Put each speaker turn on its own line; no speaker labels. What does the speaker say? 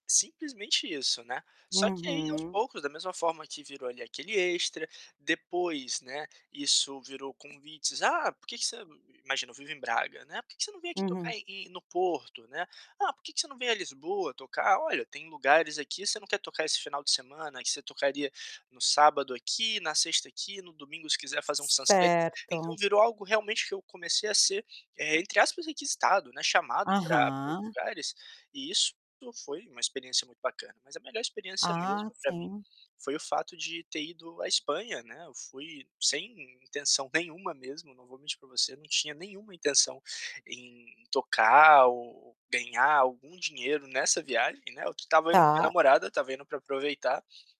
Simplesmente isso, né, só que aí aos
Uhum.
poucos, da mesma forma que virou ali aquele extra, depois, né, isso virou convites, "Ah, por que que você" I i imagina, eu vivo em Braga, né, "Por que que você não vem aqui
Uhum.
tocar em em no Porto?", né, "Ah, por que que você não vem a Lisboa tocar?", "Olha, tem lugares aqui, você não quer tocar esse final de semana? Aí você tocaria no sábado aqui, na sexta aqui, no domingo se quiser fazer um sunset." Então,
Certo.
virou algo, realmente, que eu comecei a ser, eh, entre aspas, "requisitado", né, chamado pra para os
Aham.
lugares. E isso foi uma experiência muito bacana, mas a melhor experiência mesmo,
Ah,
pra mim,
sim.
foi o fato de ter ido à Espanha, né, eu fui sem in intenção nenhuma mesmo, não vou mentir pra você, não tinha nenhuma intenção em tocar ou ou ganhar algum dinheiro nessa viagem, né, eu estava indo com minha
Tá.
namorada, estava indo pra aproveitar